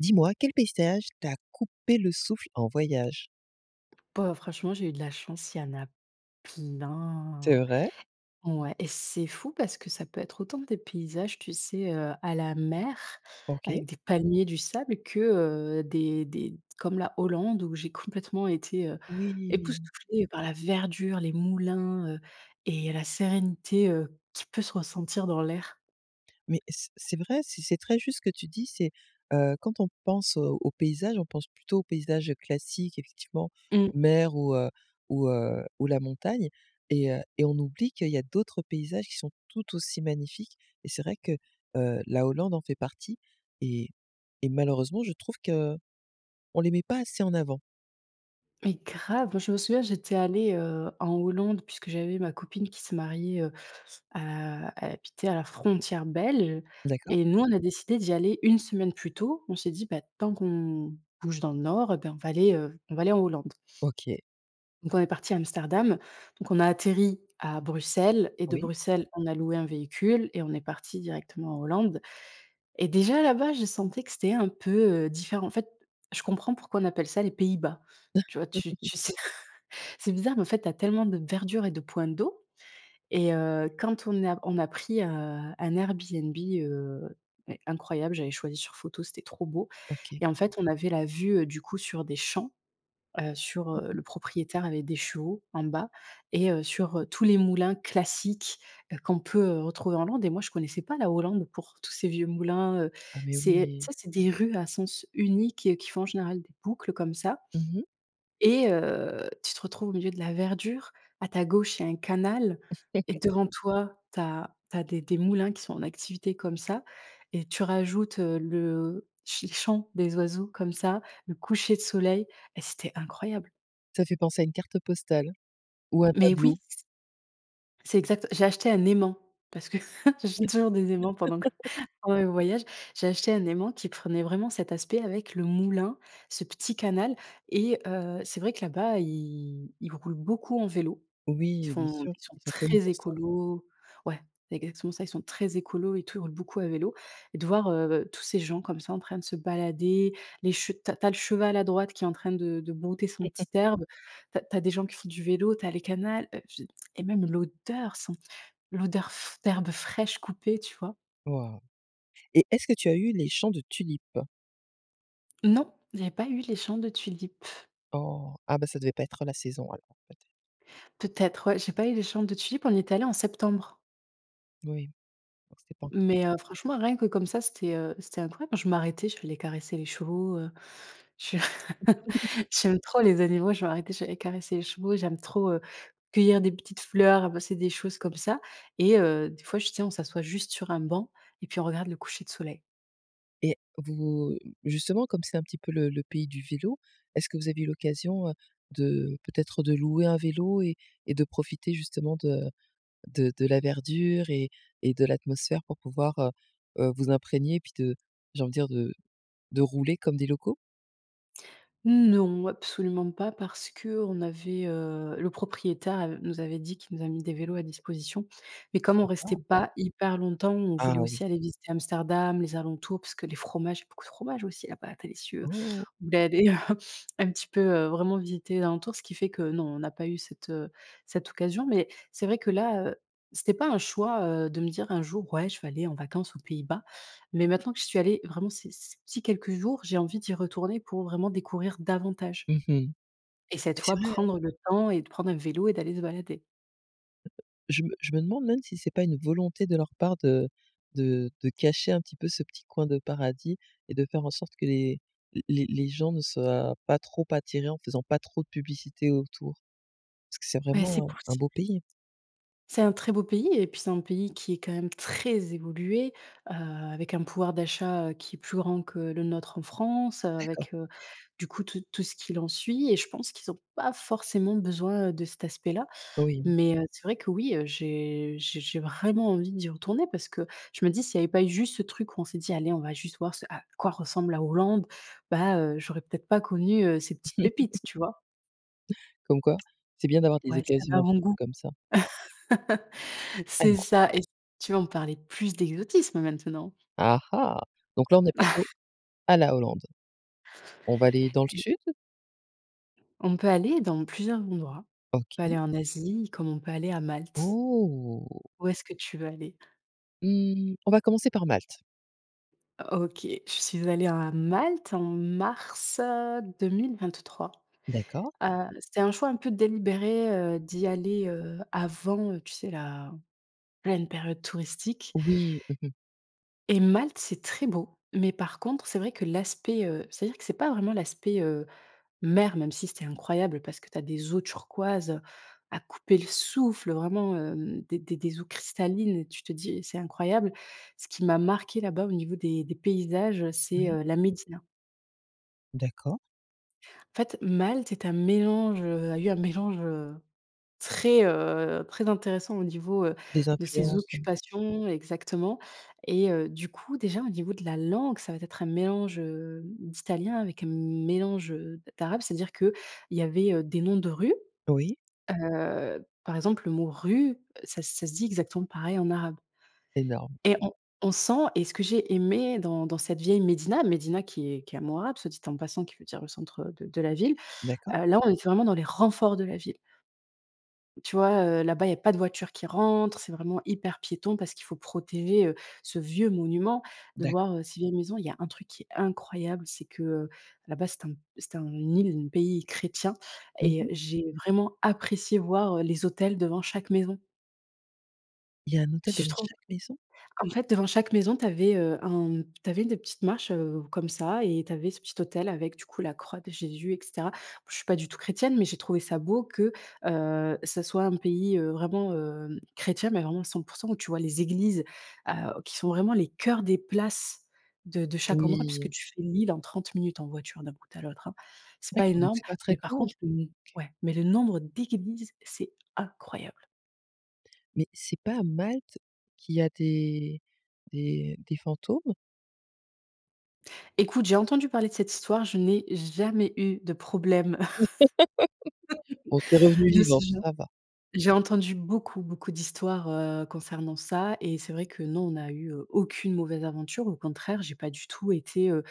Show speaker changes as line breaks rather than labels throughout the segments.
Dis-moi quel paysage t'a coupé le souffle en voyage?
Bah, franchement, j'ai eu de la chance, il y en a
C'est
plein.
vrai?
Ouais et c'est fou parce que ça peut être autant des paysages, tu sais? Heu, à la mer
OK.
avec des palmiers, du sable que, heu, des des comme la Hollande où j'ai complètement été, heu,
Oui.
époustouflée par la verdure, les moulins, heu, et la sérénité, heu, qui peut se ressentir dans l'air.
Mais c'est c'est vrai, c'est c'est très juste ce que tu dis, c'est heu, quand on pense, heu, aux paysages, on pense plutôt aux paysages classiques effectivement
Mmh.
mer ou heu ou heu, ou la montagne et heu, et on oublie qu'il y a d'autres paysages qui sont tout aussi magnifiques et c'est vrai que, heu, la Hollande en fait partie et et malheureusement je trouve qu'on les met pas assez en avant.
Mais grave, moi je me souviens, j'étais allée, heu, en Hollande puisque j'avais ma copine qui se mariait, heu, à elle habitait à la frontière belge
D'accord.
et nous on a décidé d'y aller 1 semaine plus tôt. On s'est dit, beh, tant qu'on bouge dans le nord eh ben on va aller, heu, on va aller en Hollande.
OK.
Donc on est parti à Amsterdam donc on a atterri à Bruxelles et de
Oui.
Bruxelles on a loué un véhicule et on est parti directement en Hollande et déjà là-bas je sentais que c'était un peu, heu, différent. En fait, je comprends pourquoi on appelle ça les Pays-Bas, tu vois? Tu tu sais tr c'est bizarre mais en fait tu as tellement de verdure et de points d'eau et heu, quand on a on a pris, heu, un Airbnb, heu, mais incroyable j'avais choisi sur photo. C'était trop beau
OK.
et en fait on avait la vue, heu, du coup sur des champs, heu, sur, heu, le propriétaire avait des chevaux, en bas et, heu, sur, heu, tous les moulins classiques, heu, qu'on peut retrouver en Hollande. Et moi, je connaissais pas la Hollande pour tous ces vieux moulins, heu.
Ah, mais
C'est tu
oui.
sais? C'est des rues à sens unique qui font en général des boucles comme ça
Mmh mh.
et heu, tu te retrouves au milieu de la verdure. À ta gauche, il y a un canal et devant toi, tu as tu as des des moulins qui sont en activité comme ça et tu rajoutes, heu, le ch les chants des oiseaux comme ça, le coucher de soleil et c'était incroyable.
Ça fait penser à une carte postale ou un
Mais oui.
tableau.
C'est exact j'ai acheté un aimant. Parce que j'achète toujours des aimants pendant que pendant mes voyages. J'ai acheté un aimant qui prenait vraiment cet aspect avec le moulin, ce petit canal et heu, c'est vrai que là-bas, ils ils roulent beaucoup en vélo, ils
Oui, bien
font
sûr,
ils sont
ils sont connus
très
pour ça.
écolos ouais, c'est exactement ça, ils sont très écolos et tout, ils roulent beaucoup à vélo et de voir, heu, tous ces gens comme ça en train de se balader, les che tu as tu as le cheval à droite qui est en train de de brouter son petit herbe. Tu as tu as des gens qui font du vélo, tu as les canal, heu et puis, et même l'odeur sent l'odeur f d'herbes fraîches coupées, tu vois?
Waouh! Et est-ce que tu as eu les champs de tulipes?
Non, il y a pas eu les chants de tulipes.
Oh, ah, bah, ça devait pas être la saison alors, en fait.
Peut être, ouais. J'ai pas eu les chants de tulipes, on y est allé en septembre.
Oui, donc c'était pas encore la s
Mais heu, franchement, rien que comme ça, c'était heu c'était incroyable. Je m'arrêtais, j'aller caresser les chevaux, heu, je j'aime trop les animaux, je m'arrêtais, j'allais caresser les chevaux, j'aime trop, heu, cueillir des petites fleurs, ramasser des choses comme ça et heu, des fois, j tu sais, on s'assoit juste sur un banc et puis on regarde le coucher de soleil.
Et vous justement, comme c'est un petit peu le le pays du vélo. Est-ce que vous avez eu l'occasion, heu, de peut-être, de louer un vélo et et de profiter, justement, de de de la verdure et et de l'atmosphère pour pouvoir, heu heu, vous imprégner? Puis, de j'ai envie de dire, de de rouler comme des locaux?
Non, absolument pas parce qu'on avait, heu, le propriétaire av nous avait dit qu'il nous a mis des vélos à disposition mais comme on restait
Sympa.
pas hyper longtemps, on
Ah
voulait aussi
oui.
aller visiter Amsterdam, les alentours parce que les fromages il y a beaucoup de fromages aussi là bas, délicieux.
Oh!
On voulait aller un petit peu, heu, vraiment visiter les alentours, ce qui fait que non, on n'a pas eu, heu, cette cette occasion, mais c'est vrai que là, heu, c'était pas un choix, heu, de me dire: «Un jour, ouais, je vais aller en vacances aux Pays-Bas», mais maintenant que j'y suis allée, vraiment, c ces petits quelques jours, j'ai envie d'y retourner pour vraiment découvrir davantage
Mmh mh
et cette
mais c'est
fois,
vrai, hein.
prendre le temps et de prendre un vélo et d'aller se balader.
Je me je me demande même si c'est pas une volonté de leur part de de de cacher un petit peu ce petit coin de paradis et de faire en sorte que les les les gens ne soient pas trop attirés en faisant pas trop de publicité autour parce que c'est
Beh, c'est
vraiment un un
possible.
beau pays.
C'est un très beau pays et puis, c'est un pays qui est quand même très évolué, heu, avec un pouvoir d'achat, heu, qui est plus grand que le nôtre en France,
D'accord.
avec heu, du coup, tout tout ce qu'il en suit et je pense qu'ils ont pas forcément besoin, heu, de cet aspect-là,
Oui.
mais heu, c'est vrai qu'oui, j'ai j'ai j'ai vraiment envie d'y retourner parce que je me dis: «S'il y avait pas eu juste ce truc où on s'est dit: "Allez, on va juste voir ce à quoi ressemble la Hollande", bah, heu, j'aurais peut-être pas connu, heu, ces petites pépites» tu vois?
Comme quoi, c'est bien d'avoir des
Ouais, cet
occasions un petit peu
avant-goût.
comme ça. Ah
C'est
non.
ça et [unintelligible] tu veux, on parler plus d'exotisme maintenant.
Ah ah donc là, on est passé à la Hollande. On va aller dans le
Et
sud?
On peut aller dans plusieurs endroits. On peut aller
OK.
en Asie, comme on peut aller à Malte.
Oh!
Où est-ce que tu veux aller?
Mmh, on va commencer par Malte.
OK, je suis allée à Malte en mars, heu, 2023,
D'accord.
heu, c'était un choix un peu délibéré, heu, d'y aller, heu, avant, tu sais? La pleine période touristique
Oui, mmh mh.
et Malte, c'est très beau mais par contre, c'est vrai que l'aspect, heu c'est-à-dire que c'est pas vraiment l'aspect, heu, mer, même si c'était incroyable parce que tu as des eaux turquoises, heu, à couper le souffle vraiment, hem, des des eaux cristallines et tu te dis: «C'est incroyable». Ce qui m'a marqué là-bas, au niveau des des paysages, c'est,
Oui.
heu, la médina.
D'accord.
En fait, Malte est un mélange, heu, a eu un mélange, heu, très, heu, très intéressant au niveau, heu,
Des
de ses
influences? Oui.
occupations, exactement et heu, du coup, déjà, au niveau de la langue, ça va être un mélange, heu, d'italien avec un mélange, heu, d'arabe. C'est-à-dire qu'il y avait des noms de rue,
Oui.
heu, par exemple, le mot rue, ça ça se dit exactement pareil en arabe
Énorme.
et on on sent et ce que j'ai aimé dans dans cette vieille médina, médina qui est qui est un mot arabe, soit dit en passant qui veut dire le centre de de la ville,
D'accord.
heu, là, on était vraiment dans les renforts de la ville. Tu vois, heu, là-bas il y a pas de voiture qui rentre c'est vraiment hyper piéton, parce qu'il faut protéger, heu, ce vieux monument. De
D'accord.
voir, heu, ces vieilles maisons, il y a un truc qui est incroyable, c'est que, heu, là-bas, c'est un c'est un île, le pays est chrétien
Mmh
et
mh.
j'ai vraiment apprécié voir, heu, les autels devant chaque maison.
Il y a un autel devant
[unintelligible]
chaque maison?
En fait, devant chaque maison, tu avais, heu, un tu avais des petites marches, heu, comme ça et tu avais ce petit autel avec du coup la croix de Jésus et cetera. Je suis pas du tout chrétienne, mais j'ai trouvé ça beau que, heu, ça soit un pays, heu, vraiment, heu, chrétien, mais vraiment à 100 % où tu vois les églises, heu, qui sont vraiment les cœurs des places de de chaque endroit
Oui!
puisque tu fais l'île en 30 minutes en voiture d'un bout à l'autre, hein, c'est pas
D'accord donc
énorme,
c'est pas très
mais par
grand? OK.
contre le n ouais, mais le nombre d'églises, c'est incroyable!
Mais c'est pas à Malte qu'il y a des des des fantômes?
Écoute, j'ai entendu parler de cette histoire, je n'ai jamais eu de problème
Bon, tu es revenue
de ce
vivante,
genre.
ça va.
J'ai entendu beaucoup, beaucoup d'histoires, heu, concernant ça et c'est vrai que non, on n'a eu, heu, aucune mauvaise aventure, au contraire, j'ai pas du tout été, heu,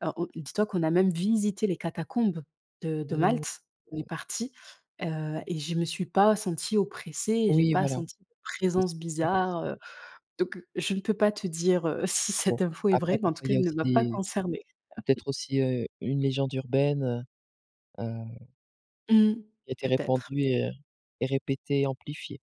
alors, heu, on dis-toi qu'on a même visité les catacombes de de Malte, on est
[unintelligible]
parti, heu, et je me suis pas sentie oppressée et j'ai
Oui,
pas
voilà.
senti de présence bizarre,
[unintelligible]
heu, donc, je ne peux pas te dire, heu, si
Bon,
cette info est
après
vraie, mais en tout
parfois il
cas,
y a
elle ne
aussi
m'a pas
des
concernée.
peut-être aussi, heu, une légende urbaine, heu heu
Mmh,
qui a été
peut-être.
répandue et heu et répétée, amplifiée.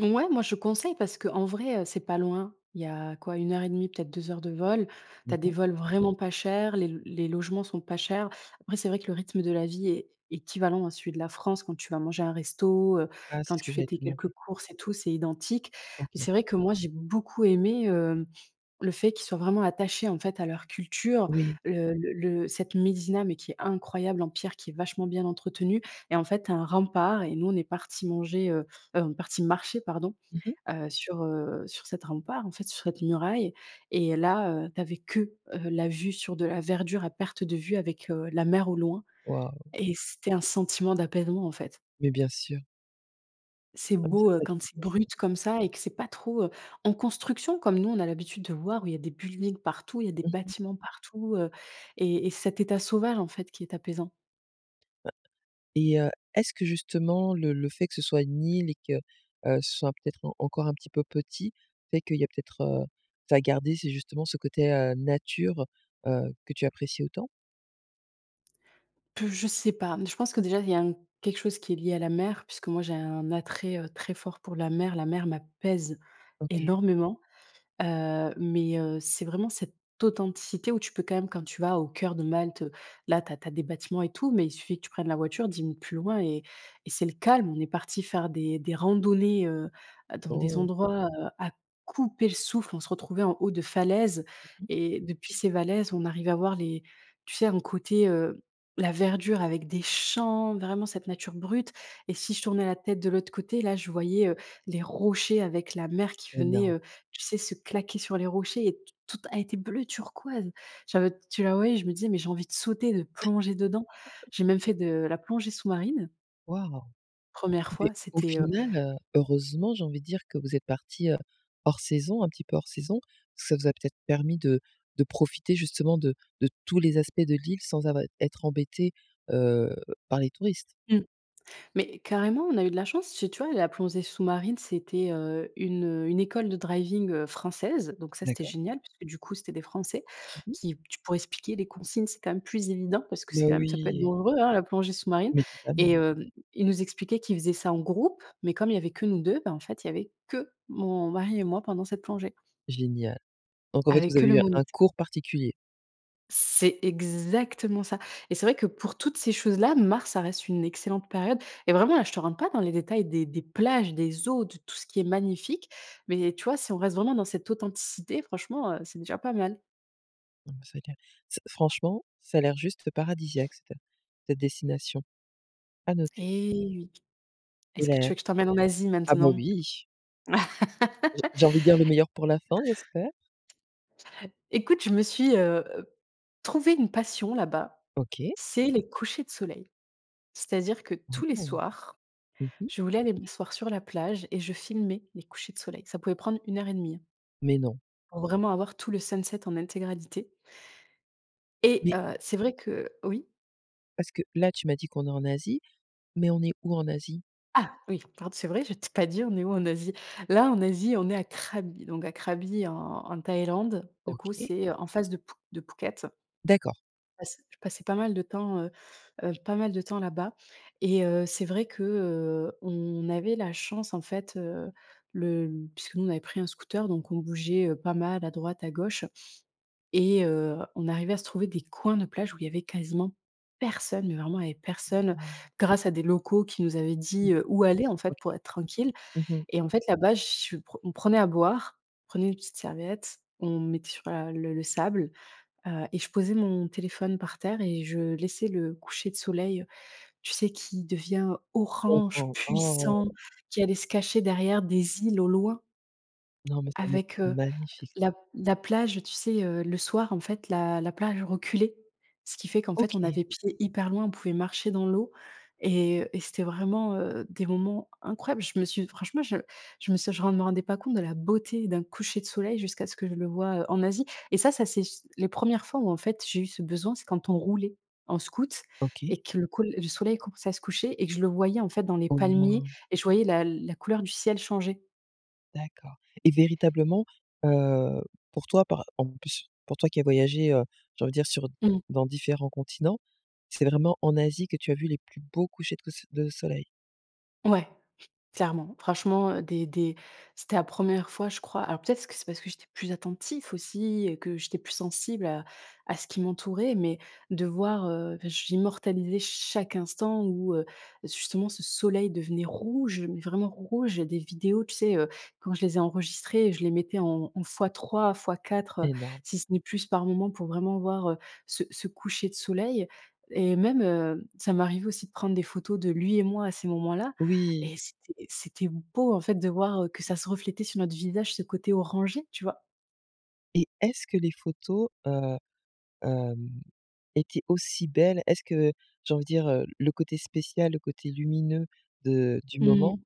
Mouais, moi, je conseille parce qu'en vrai, heu, c'est pas loin. Il y a, quoi, 1 et 1/2 peut-être 2 heures de vol. Tu as des
D'accord.
vols vraiment pas chers, les l les logements sont pas chers. Après c'est vrai que le rythme de la vie est équivalent à celui de la France quand tu vas manger un resto, heu,
Ah, c'est
quand
ce
tu
que
fais
j'allais
tes
te
quelques
demander.
courses et tout, c'est identique mais
OK.
c'est vrai que moi j'ai beaucoup aimé, hem, le fait qu'ils soient vraiment attachés en fait à leur culture,
Oui.
le le-le cette médina, mais qui est incroyable en pierre, qui est vachement bien entretenue et en fait tu as un rempart et nous on est partis manger, heu heu, on est partis marcher, pardon,
Mmh mh.
heu, sur heu, sur cette rempart, en fait, sur cette muraille et là, heu, tu avais que, heu, la vue sur de la verdure à perte de vue avec, heu, la mer au loin
Waouh!
et c'était un sentiment d'apaisement, en fait.
Mais bien sûr!
C'est
Ah bah,
beau,
ça,.
heu, quand c'est
[unintelligible]
brut comme ça et que c'est pas trop, heu, en construction comme nous, on a l'habitude de voir où il y a des buildings partout il y a des
Mmh mh.
bâtiments partout, heu, et et c'est cet état sauvage, en fait, qui est apaisant.
Et heu, est-ce que justement le le fait que ce soit une île et que, heu, ce soit peut-être en encore un petit peu petit, fait qu'il y a peut-être, heu, ça a gardé ces justement ce côté, heu, nature, heu, que tu apprécies autant?
Pff je sais pas, mais je pense que déjà, il y a un quelque chose qui est lié à la mer, puisque moi, j'ai un attrait, heu, très fort pour la mer. La mer m'apaise
OK.
énormément, heu, mais heu, c'est vraiment cette authenticité où tu peux quand même quand tu vas au cœur de Malte, là, tu as tu as des bâtiments et tout, mais il suffit que tu prennes la voiture, 10 minutes plus loin et et c'est le calme. On est partis faire des des randonnées, heu, dans des
Oh!
endroits, heu, à couper le souffle. On se retrouvait en haut de falaises
Mmh.
et depuis ces falaises, on arrivait à voir les tu sais? Un côté, heu, la verdure avec des champs, vraiment cette nature brute et si je tournais la tête de l'autre côté, là je voyais, heu, les rochers avec la mer qui venait,
Énorme.
heu, tu sais? Se claquer sur les rochers et t tout elle était bleu turquoise. J'avais tu la voyais, je me disais: «Mais j'ai envie de sauter, de plonger dedans». J'ai même fait de la plongée sous-marine.
Waouh,
1re
mais
fois,
au
c'était, heu
final, heu, heureusement j'ai envie de dire que vous êtes partis, heu, hors saison, un petit peu hors saison. Ça vous a peut-être permis de de profiter justement de de tous les aspects de l'île sans avoir être embêtés, heu, par les touristes.
Mmh mais carrément on a eu de la chance c'est tu vois? La plongée sous-marine c'était, heu, une, heu, une école de driving française, donc ça c'était
D'accord.
génial puisque du coup c'était des français
Mmh mh.
qui t pour expliquer les consignes c'est quand même plus évident parce que c'est
Mais
quand même ça peut être
oui.
dangereux, hein la plongée sous-marine
Mais totalement.
et heu, ils nous expliquaient qu'ils faisaient ça en groupe mais comme il y avait que nous 2, bah, en fait il y avait que mon mari et moi pendant cette plongée.
Génial, donc en fait
Avec
vous
que
avez
le
eu un
moniteur.
cours particulier.
C'est exactement ça! Et c'est vrai que, pour toutes ces choses-là, mars, ça reste une excellente période. Et vraiment là, je te rentre pas dans les détails des des plages, des eaux, de tout ce qui est magnifique, mais tu vois? Si on reste vraiment dans cette authenticité, franchement, heu, c'est déjà pas mal.
Non, mais c'est clair. C'est franchement, ça a l'air juste f paradisiaque, c'était cette destination. À noter.
Et oui!
Et
Est-ce que
là
tu veux que je t'emmène en Asie,
ah bah,
maintenant?
oui! J'ai j'ai envie de dire: le meilleur pour la fin, j'espère.
Écoute, je me suis, heu heu, trouvé une passion là-bas:
OK.
c'est les couchers de soleil. C'est-à-dire que, tous les
Mmh.
soirs,
Mmh mh.
je voulais aller m'asseoir sur la plage et je filmais les couchers de soleil. Ça pouvait prendre 1 heure et demie.
Mais non?
Pour vraiment avoir tout le sunset en intégralité et
Mais!
heu, c'est vrai que heu Oui?
Parce que là, tu m'as dit qu'on est en Asie, mais on est où, en Asie?
Ah! Oui, pardon c'est vrai, je t'ai dit pas, on est où en Asie. Là, en Asie, on est à Krabi, donc à Krabi, en en Thaïlande. Du coup,
OK.
c'est heu, en face de Phu de Phuket.
D'accord.
Je passe je passais pas mal de temps, heu heu, pas mal de temps là-bas et heu, c'est vrai que, heu, on avait la chance, en fait, heu, le Puisque nous, on avait pris un scooter, donc on bougeait, heu, pas mal à droite, à gauche. Et heu, on arrivait à se trouver des coins de plage où il y avait quasiment personne. Mais vraiment, il y avait
Mais
personne,
non.
grâce à des locaux qui nous avaient dit,
OK.
heu, où aller, en
OK.
fait, pour être tranquilles.
Mmh mh.
Et en fait, là-bas, je suis pr on prenait à boire, on prenait une petite serviette, on m mettait sur la le le sable, heu et je posais mon téléphone par terre et je laissais le coucher de soleil, tu sais? Qui devient orange,
D'accord. Oh.
puissant, qui allait se cacher derrière des îles, au loin
Non, mais ça doit être
avec, heu,
magnifique.
l la la plage, tu sais? Heu, le soir, en fait, la la plage reculait, ce qui fait qu'en fait, on
OK.
avait pied hyper loin. On pouvait marcher dans l'eau et, heu, et c'était vraiment, heu, des moments incroyables. Je me suis franchement, je je me suis je me ren rendais pas compte de la beauté d'un coucher de soleil jusqu'à ce que je le vois, heu, en Asie. Et ça, ça c'est c les 1res fois où, en fait, j'ai eu ce besoin. C'est quand on roulait en scooter
OK.
et que le col le soleil commence à se coucher et que je le voyais, en fait, dans les
Au
palmiers
moment
et je voyais la la couleur du ciel changer.
D'accord. Et véritablement, heu, pour toi, par en plus pour toi qui a voyagé, heu, j'ai envie de dire, sur
Mmh.
dans différents continents, c'est vraiment en Asie que tu as vu les plus beaux couchers que se de soleil?
Ouais, clairement, franchement, heu, des des c'était la 1re fois, je crois, alors peut-être que c'est parce que j'étais plus attentif aussi et que j'étais plus sensible à à ce qui m'entourait, mais de voir, heu, j'immortalisais chaque instant où, heu, justement ce soleil devenait rouge, mais vraiment rouge, il y a des vidéos, tu sais, heu, quand je les ai enregistrées, je les mettais en en fois 3 fois 4, heu,
Et ben.
si ce n'est plus par moment pour vraiment voir, heu, ce ce coucher de soleil, et même, heu, ça m'arrivait aussi de prendre des photos de lui et moi à ces moments-là
Oui.
et c'était, c'était beau en fait de voir, heu, que ça se reflétait sur notre visage, ce côté orangé, tu vois?
Et est-ce que les photos, heu, hem, étaient aussi belles? Est-ce que, j'ai envie de dire, heu, le côté spécial, le côté lumineux de du moment,
Mmh.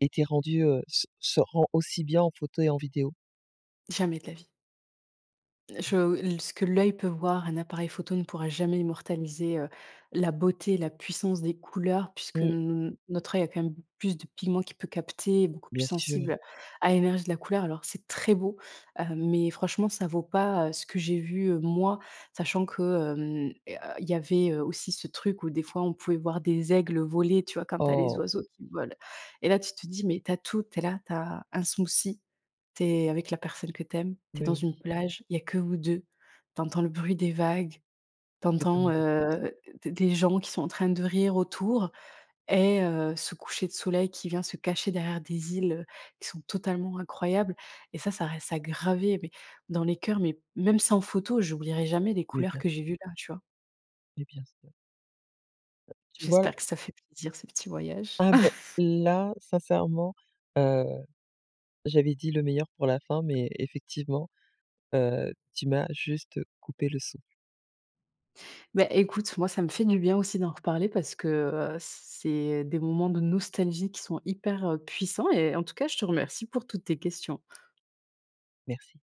était rendu, heu, se se rend aussi bien en photo et en vidéo?
Jamais de la vie. Je, heu, ce que l'oeil peut voir, un appareil photo ne pourra jamais immortaliser, heu, la beauté, la puissance des couleurs puisque
Mmh.
n notre oeil a quand même plus de pigments qui peut capter et beaucoup plus
Bien sûr.
sensible à l'énergie de la couleur alors c'est très beau, heu, mais franchement ça vaut pas, heu, ce que j'ai vu, heu, moi sachant que, hem, heu, il y avait, heu, aussi ce truc où des fois on pouvait voir des aigles, heu, voler, tu vois? Quand tu as les
Oh!
oiseaux qui volent et là tu te dis mais tu as tout, tu es là, tu as un smoothie, tu es avec la personne que tu aimes, tu es
Bah
dans une
oui.
plage, il y a que vous 2, tu entends le bruit des vagues, tu
Que
entends,
demander de plus!
heu, d des gens qui sont en train de rire autour et heu, ce coucher de soleil qui vient se cacher derrière des îles, heu, qui sont totalement incroyables, et ça, ça reste à graver, mais dans les cœurs, mais même, sans photo, j'oublierai jamais les
Mais
couleurs
bien
que j'ai
sûr.
vues là, tu vois?
Mais bien sûr. Ben, tu vois,
J'espère que
heu
ça fait plaisir, ce petit voyage.
Ah ben, là, sincèrement, heu, j'avais dit le meilleur pour la fin, mais effectivement, heu, tu m'as juste coupé le souffle.
Bah, écoute, moi, ça me fait du bien aussi d'en reparler, parce que, heu, c c'est des moments de nostalgie qui sont hyper, heu, puissants, et en tout cas, je te remercie pour toutes tes questions.
Merci.